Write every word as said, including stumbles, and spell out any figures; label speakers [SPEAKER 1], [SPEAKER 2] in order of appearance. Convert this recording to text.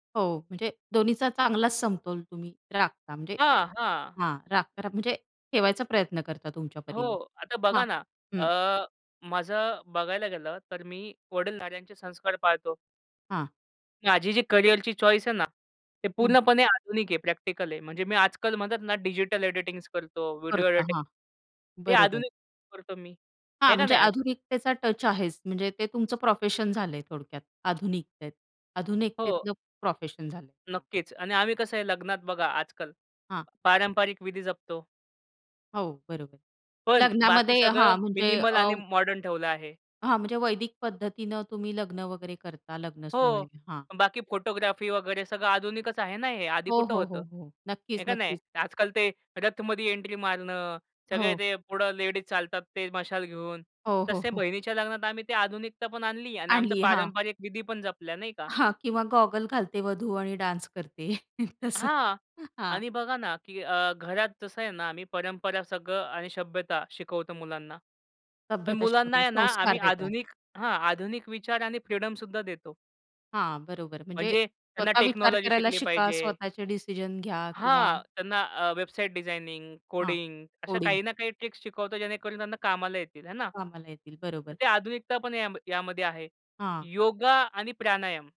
[SPEAKER 1] हो, म्हणजे दोन्हीचा चांगलाच समतोल तुम्ही राखता. म्हणजे
[SPEAKER 2] हां, हां.
[SPEAKER 1] हां, राखता म्हणजे ठेवायचा प्रयत्न करता तुमच्या
[SPEAKER 2] हो,
[SPEAKER 1] परीने
[SPEAKER 2] आता
[SPEAKER 1] हां,
[SPEAKER 2] बघा ना,
[SPEAKER 1] हं.
[SPEAKER 2] अ, माझं बघायला गेलं तर मी वडीलधाऱ्यांचे संस्कार पाळतो.
[SPEAKER 1] हां.
[SPEAKER 2] माझी जी करियरची चॉईस आहे ना, ते
[SPEAKER 1] हं.
[SPEAKER 2] पूर्णपणे आधुनिक आहे, प्रॅक्टिकल आहे. म्हणजे मी आजकाल म्हणत ना डिजिटल एडिटिंग्स करतो, व्हिडिओ
[SPEAKER 1] करता
[SPEAKER 2] एडिटिंग,
[SPEAKER 1] हां,
[SPEAKER 2] हे
[SPEAKER 1] बरोबर.
[SPEAKER 2] आधुनिक करतो मी.
[SPEAKER 1] हां,
[SPEAKER 2] आहे का
[SPEAKER 1] म्हणजे
[SPEAKER 2] नाही?
[SPEAKER 1] आधुनिकतेचा टच आहेच. म्हणजे ते तुमचं प्रोफेशन झालंय थोडक्यात आधुनिकतेत
[SPEAKER 2] हो.
[SPEAKER 1] आधुनिकतेतलं प्रोफेशन झालं आहे, हां.
[SPEAKER 2] नक्कीच आणि आम्ही कसं आहे लग्नात बघा आजकाल,
[SPEAKER 1] हां.
[SPEAKER 2] पारंपरिक विधी जपतो.
[SPEAKER 1] हो, बरोबर.
[SPEAKER 2] पण बाकी
[SPEAKER 1] लग्नामध्ये हां,
[SPEAKER 2] सगळं
[SPEAKER 1] म्हणजे
[SPEAKER 2] मिनिमल
[SPEAKER 1] अ
[SPEAKER 2] आणि मॉडर्न ठेवलं आहे.
[SPEAKER 1] हां, म्हणजे वैदिक पद्धतीने तुम्ही लग्न वगैरे करता, लग्न सोहळे
[SPEAKER 2] हो,
[SPEAKER 1] हां.
[SPEAKER 2] बाकी फोटोग्राफी वगैरे सगळं आधुनिकच आहे ना हे? आधी
[SPEAKER 1] हो,
[SPEAKER 2] कुठं
[SPEAKER 1] हो, हो,
[SPEAKER 2] होतं?
[SPEAKER 1] हो.
[SPEAKER 2] आहे
[SPEAKER 1] नक्कीच,
[SPEAKER 2] का नाही?
[SPEAKER 1] नक्कीच.
[SPEAKER 2] आजकाल ते रथमध्ये एंट्री मारणं, सगळे
[SPEAKER 1] हो.
[SPEAKER 2] ते पुढं लेडीज चालतात ते मशाल घेऊन,
[SPEAKER 1] हो, हो,
[SPEAKER 2] तसे
[SPEAKER 1] हो.
[SPEAKER 2] बहिणीच्या लग्नात आम्ही ते आधुनिकता पण आणली आणि आमचं
[SPEAKER 1] आणली आहे, हां.
[SPEAKER 2] पारंपरिक विधी पण जपल्या, नाही का?
[SPEAKER 1] हां, किंवा गॉगल घालते वधू आणि डान्स करते तसं,
[SPEAKER 2] हां
[SPEAKER 1] हां.
[SPEAKER 2] आणि बघा ना, की अ, घरात जसं आहे ना मी परंपरा सगळं आणि शभ्यता शिकवतो मुलांना. पण
[SPEAKER 1] सभ्यता
[SPEAKER 2] मुलांना
[SPEAKER 1] शिकवतात,
[SPEAKER 2] आहे ना,
[SPEAKER 1] संस्कार
[SPEAKER 2] आम्ही
[SPEAKER 1] देतात.
[SPEAKER 2] आधुनिक हां, आधुनिक विचार आणि फ्रीडम सुद्धा देतो.
[SPEAKER 1] हां, बरोबर. म्हणजे
[SPEAKER 2] म्हणजे त्यांना
[SPEAKER 1] स्वतः विचार
[SPEAKER 2] टेक्नॉलॉजी
[SPEAKER 1] करायला
[SPEAKER 2] शिकली
[SPEAKER 1] शिका.
[SPEAKER 2] पाहिजे.
[SPEAKER 1] स्वतःचे डिसिजन घ्या किंवा
[SPEAKER 2] हां, त्यांना अ, वेबसाईट डिझायनिंग,
[SPEAKER 1] हां,
[SPEAKER 2] कोडिंग अशा
[SPEAKER 1] कोडिंग.
[SPEAKER 2] काही ना काही ट्रिक्स शिकवतो जेणेकरून त्यांना कामाला येतील. आहे ना?
[SPEAKER 1] कामाला येतील बरोबर.
[SPEAKER 2] तर ते आधुनिकता पण या यामध्ये आहे.
[SPEAKER 1] हां.
[SPEAKER 2] योगा आणि प्राणायाम.